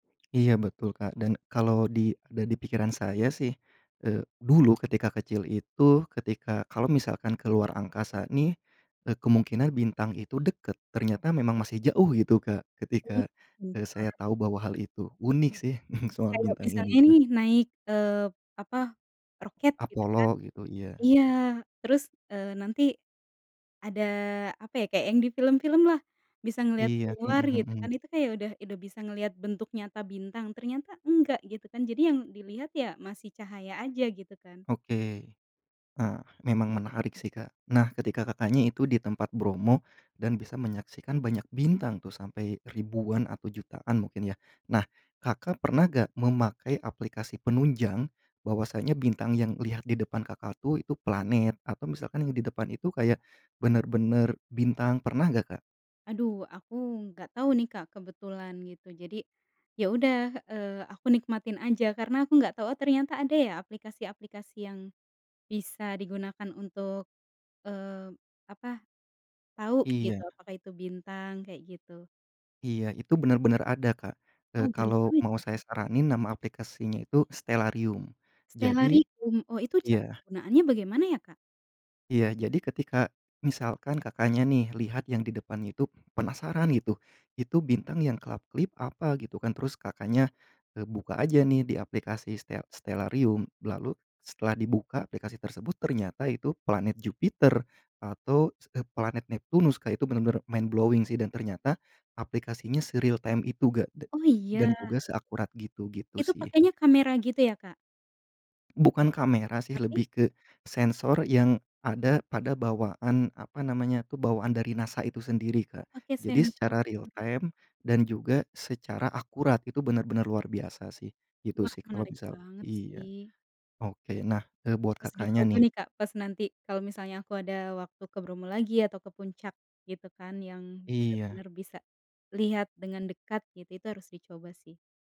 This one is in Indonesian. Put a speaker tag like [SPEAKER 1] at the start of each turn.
[SPEAKER 1] Iya betul Kak, dan kalau di ada di pikiran saya sih, eee, dulu ketika kecil itu ketika kalau misalkan ke luar angkasa nih, eee, kemungkinan bintang itu deket ternyata memang masih jauh gitu Kak, ketika, eee,
[SPEAKER 2] Bukan.
[SPEAKER 1] saya tahu bahwa hal itu unik sih soal
[SPEAKER 2] Kayak
[SPEAKER 1] bintang ini
[SPEAKER 2] misalnya
[SPEAKER 1] tuh.
[SPEAKER 2] nih naik, eee, apa, roket gitu
[SPEAKER 1] Apollo
[SPEAKER 2] kan,
[SPEAKER 1] gitu, iya.
[SPEAKER 2] iya terus, eee, nanti, ada apa ya kayak yang di film-film lah bisa ngeliat
[SPEAKER 1] Iya,
[SPEAKER 2] keluar
[SPEAKER 1] mhm
[SPEAKER 2] gitu kan
[SPEAKER 1] mhm.
[SPEAKER 2] itu kayak udah udah bisa ngeliat bentuk nyata bintang ternyata enggak gitu kan jadi yang dilihat ya masih cahaya aja gitu kan.
[SPEAKER 1] Oke, eee, memang menarik sih Kak, nah ketika Kakaknya itu di tempat Bromo, dan bisa menyaksikan banyak bintang, tuh sampai ribuan atau jutaan mungkin ya, nah Kakak, pernah enggak memakai aplikasi penunjang, bahwasanya bintang yang lihat di depan Kakak, tuh itu planet atau misalkan yang di depan itu kayak, bener-bener bintang pernah nggak Kak?
[SPEAKER 2] Aduh, aku nggak tahu nih Kak, kebetulan gitu jadi, ya udah, eee, aku nikmatin aja karena aku nggak tahu oh ternyata ada ya aplikasi-aplikasi yang, bisa digunakan untuk, eee, apa, tahu gitu
[SPEAKER 1] Iya.
[SPEAKER 2] apakah itu bintang kayak gitu.
[SPEAKER 1] Iya itu benar-benar ada Kak, eee,
[SPEAKER 2] Oh, baru
[SPEAKER 1] kalau
[SPEAKER 2] tahu
[SPEAKER 1] mau
[SPEAKER 2] tuh
[SPEAKER 1] saya
[SPEAKER 2] saya.
[SPEAKER 1] saranin nama aplikasinya itu Stellarium, jadi
[SPEAKER 2] Stellarium, oh itu cara
[SPEAKER 1] iya.
[SPEAKER 2] penggunaannya bagaimana ya Kak?
[SPEAKER 1] Iya jadi ketika, misalkan Kakaknya, nih lihat yang di depannya itu, penasaran gitu itu bintang yang kelap-kelip apa gitu kan terus Kakaknya, eee, buka aja nih di aplikasi ste Stellarium lalu setelah dibuka aplikasi tersebut ternyata itu planet Jupiter, atau se planet Neptunus kayak itu bener-bener mind blowing sih dan ternyata, aplikasinya se-realtime itu enggak da
[SPEAKER 2] Oh,
[SPEAKER 1] dan
[SPEAKER 2] iya?
[SPEAKER 1] juga seakurat gitu gitu
[SPEAKER 2] Itu
[SPEAKER 1] sih.
[SPEAKER 2] pakainya kamera gitu ya Kak?
[SPEAKER 1] Bukan kamera sih
[SPEAKER 2] Tapi?
[SPEAKER 1] lebih ke, sensor yang ada pada bawaan apa namanya tuh bawaan dari NASA itu sendiri
[SPEAKER 2] Oh,
[SPEAKER 1] Kak,
[SPEAKER 2] pakai
[SPEAKER 1] jadi
[SPEAKER 2] sensor.
[SPEAKER 1] secara realtime dan juga secara akurat itu benar-benar luar biasa sih, gitu
[SPEAKER 2] Wah,
[SPEAKER 1] sih kalau
[SPEAKER 2] menarik
[SPEAKER 1] misal
[SPEAKER 2] banget
[SPEAKER 1] iya,
[SPEAKER 2] sih.
[SPEAKER 1] oke nah, e buat
[SPEAKER 2] Harus
[SPEAKER 1] Kakaknya,
[SPEAKER 2] dicoba
[SPEAKER 1] nih.
[SPEAKER 2] nih Kak, pas nanti kalo misalnya aku ada waktu ke Bromo lagi atau ke puncak, gitu kan yang
[SPEAKER 1] Iya.
[SPEAKER 2] bener-bener bisa, lihat dengan dekat gitu itu harus dicoba sih.